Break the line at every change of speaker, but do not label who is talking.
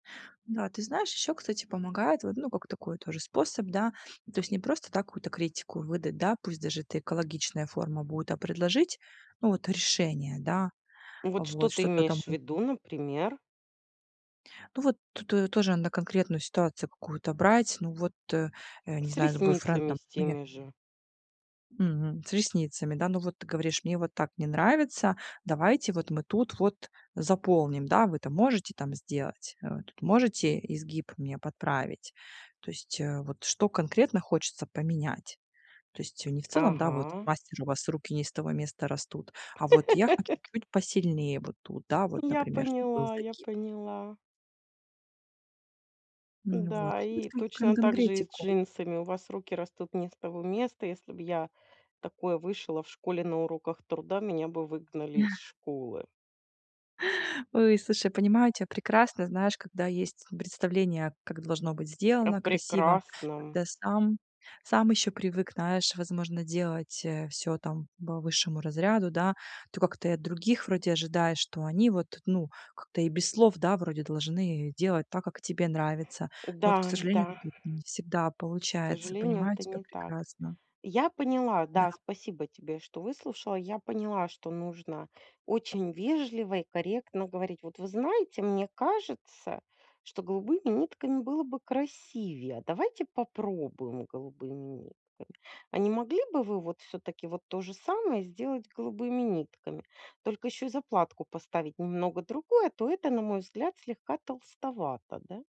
Да, ты знаешь, ещё, кстати, помогает вот, ну, как такой тоже способ, да. То есть не просто, да, какую-то критику выдать, да, пусть даже это экологичная форма будет, а предложить, ну вот решение, да.
Вот что
Вот
ты
что-то там,
имеешь в
ну
виду, например?
Ну, вот т ту, э, тоже надо конкретную ситуацию какую-то брать. Ну вот, э, э, не
С
знаю, с
ресницами
бойфрендом,
с
ну, я
теми же.
Мгм. С ресницами, да. Ну вот ты говоришь: "Мне вот так не нравится, давайте вот мы тут вот заполним, да, вы это можете там сделать? Э, тут можете изгиб мне подправить?" То есть, э, вот что конкретно хочется поменять. То есть, э, не в целом, да, вот:
Ага.
"Мастер, у вас руки не из того места растут". А вот: "Я хо чуть посильнее, вот тут, да, вот,
Я
например, чтоб был
поняла, я
загиб".
поняла.
М, вот.
М-да, и
Кон
точно так же и с
конкретику.
джинсами. "У вас руки растут не из того места. Если б я такое вышила в школе на уроках труда, меня бы выгнали из школы".
Ой, слушай, понимаю тя прекрасно. Знаешь, когда есть, м, представление, как должно быть
О
сделано красиво.
прекрасном.
Когда сам сам ещё привык, знаешь, возможно, делать, э, всё там по высшему разряду, да. То как-то и от других вроде ожидаешь, что они вот, ну, как-то и без слов, да, вроде должны, э, делать так, как тебе нравится. Но
М-да
вот, к
м-да.
сожалению, это [unintelligible] не всегда
К
получается.
сожалению,
Понимаю
это
тебя
не так.
прекрасно.
Я поняла.
Да.
Да, спасибо тебе, что выслушала. Я поняла, что нужно очень вежливо и корректно говорить: "Вот вы знаете, мне кажется, что голубыми нитками было бы красивее. А давайте попробуем голубыми нитками? А не могли бы вы вот всё-таки вот то же самое сделать голубыми нитками, только ещё и заплатку поставить немного другую, а то эта, на мой взгляд, слегка толстовата, да?"